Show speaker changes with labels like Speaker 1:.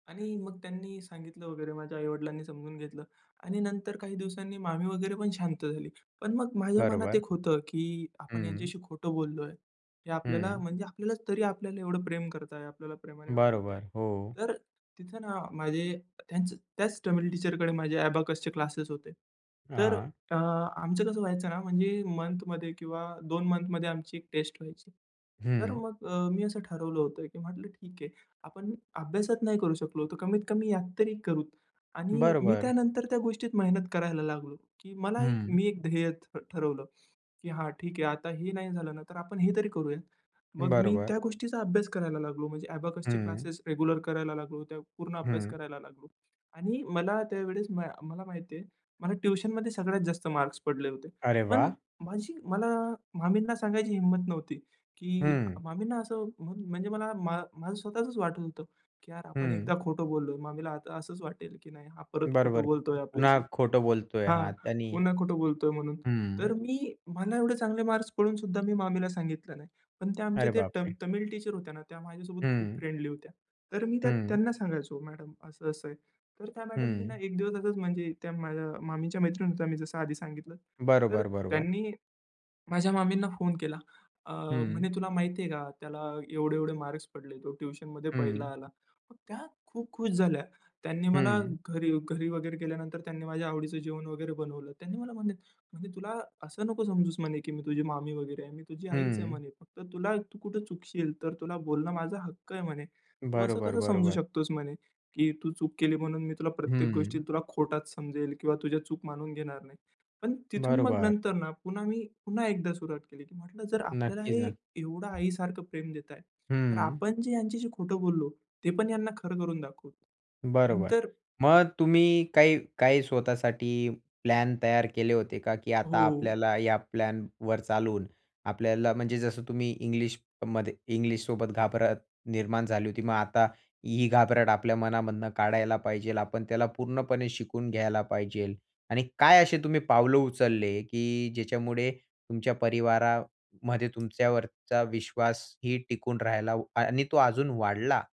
Speaker 1: आणि मग त्यांनी सांगितलं वगैरे, माझ्या आई-वडिलांनी समजून घेतलं आणि नंतर काही दिवसांनी मामी वगैरे पण शांत झाली. पण मग माझ्या मनात
Speaker 2: बरोबर.
Speaker 1: एक होतं, की आपण
Speaker 2: हं.
Speaker 1: ह्यांच्याशी खोटं बोललोय. हे आपल्याला
Speaker 2: हं.
Speaker 1: म्हणजे आपल्याला तरी आपल्याला एवढं प्रेम करतायत. आपल्याला प्रेमाने वागवताय.
Speaker 2: बरोबर, हो.
Speaker 1: तर तिथं ना, माझे त्याच त्याच तमिल टीचर कडे माझे अबॅकस चे क्लासेस होते. तर
Speaker 2: हां.
Speaker 1: अ, आमचं कसं व्हायचं ना, म्हणजे मंथमध्ये किंवा 2 मंथमध्ये आमची एक टेस्ट व्हायची. तर
Speaker 2: हं.
Speaker 1: मग अ, मी असं ठरवलं होतं, की म्हटलं ठीक आहे. आपण अभ्यासात नाही करू शकलो तर कमीत कमी यात तरी करू आणि मी
Speaker 2: बरोबर.
Speaker 1: त्यानंतर त्या गोष्टीत मेहनत करायला लागलो, की मला एक
Speaker 2: हं.
Speaker 1: मी एक ध्येय ठ ठरवलं, की हा ठीक आहे. आता हे नाही झालं ना तर आपण हे तरी करूया. मग मी
Speaker 2: बरोबर.
Speaker 1: त्या गोष्टीचा अभ्यास करायला लागलो. म्हणजे अबॅकस चे
Speaker 2: हं.
Speaker 1: क्लासेस रेग्युलर करायला लागलो. त्या पूर्ण अभ्यास
Speaker 2: हं.
Speaker 1: करायला लागलो आणि मला त्यावेळेस म मला माहिती आहे, मला ट्युशनमध्ये सगळ्यात जास्त मार्क्स पडले होते.
Speaker 2: अरे
Speaker 1: पण
Speaker 2: वाह!
Speaker 1: माझी मला मामींना सांगायची हिम्मत नव्हती, की
Speaker 2: हं.
Speaker 1: मामींना असं म्हणजे मला मा माझं स्वतःचच वाटत होतं, की यार आपण
Speaker 2: हं.
Speaker 1: एकदा खोटं बोललोय. मामीला आता असंच वाटेल, की नाही हा परत खोटं
Speaker 2: बरोबर,
Speaker 1: बोलतोय आपल्याशी
Speaker 2: पुन्हा खोटं बोलतोय हा
Speaker 1: हां,
Speaker 2: त्यांनी
Speaker 1: पुन्हा खोटं बोलतोय म्हणून.
Speaker 2: हं.
Speaker 1: तर मी मला एवढे चांगले मार्क्स पडून सुद्धा मी मामीला सांगितलं नाही. पण त्या आमचे
Speaker 2: अरे
Speaker 1: ते ट
Speaker 2: बापरे!
Speaker 1: तमिळ टीचर होत्या ना त्या माझ्यासोबत खूप
Speaker 2: हं.
Speaker 1: फ्रेंडली होत्या. तर मी त्यात
Speaker 2: हं.
Speaker 1: त्यांना सांगायचो, "मॅडम असं-असं आहे." तर त्या मॅडमनी ना
Speaker 2: हं.
Speaker 1: एक दिवसातच म्हणजे त्या माझ्या मामीच्या मैत्रीण होत्या मी जसं आधी सांगितलं. तर
Speaker 2: बरोबर, बरोबर.
Speaker 1: त्यांनी, माझ्या मामींना फोन केला, अ,
Speaker 2: हं.
Speaker 1: म्हणे, "तुला माहिती आहे का? त्याला एवढे-एवढे मार्क्स पडले. तो ट्युशनमध्ये पहिला
Speaker 2: हं.
Speaker 1: आला." मग त्या खूप खुश झाल्या. त्यांनी मला
Speaker 2: हं.
Speaker 1: घरी घरी वगैरे गेल्यानंतर त्यांनी माझ्या आवडीचं जेवण वगैरे बनवलं. त्यांनी मला म्हणे म्हणे, "तुला असं नको समजूच म्हणे, की मी तुझी मामी वगैरे आहे. मी तुझी आईच आहे
Speaker 2: हं.
Speaker 1: म्हणे. फक्त तुला तू कुठे चुकशील तर तुला बोलणं माझा हक्क आहे म्हणे. तू असं
Speaker 2: बरोबर,
Speaker 1: कसं समजू
Speaker 2: बरोबर.
Speaker 1: शकतोस म्हणे, की तू चूक केली म्हणून मी तुला प्रत्येक गोष्टी
Speaker 2: हं.
Speaker 1: तुला खोटाच समजेल किंवा तुझ्या चूक मानून घेणार नाही." पण तिथून मग
Speaker 2: बरोबर.
Speaker 1: नंतर ना पुन्हा मी पुन्हा एकदा सुरुवात केली. म्हटलं जर आपल्याला
Speaker 2: नक्कीच
Speaker 1: हे
Speaker 2: ना.
Speaker 1: एवढं आई सारखं प्रेम देताय तर
Speaker 2: हं.
Speaker 1: आपण जे ह्यांच्याशी खोटं बोललो ते पण यांना खरं करून दाखवू.
Speaker 2: बरोबर.
Speaker 1: नंतर
Speaker 2: मग तुम्ही काही काही स्वतःसाठी प्लॅन तयार केले होते का, की आता
Speaker 1: हो.
Speaker 2: आपल्याला या प्लॅनवर चालून आपल्याला म्हणजे जसं तुम्ही इंग्लिशमध्ये इंग्लिश सोबत घाबरत निर्माण झाली होती मग आता ही घाबरट आपल्या मनामधनं काढायला पाहिजे आपण त्याला पूर्णपणे शिकून घ्यायला पाहिजे आणि काय असे तुम्ही पावलं उचलले, की ज्याच्यामुळे तुमच्या परिवारामध्ये तुमच्यावरचा विश्वासही टिकून राहिला व आणि तो अजून वाढला?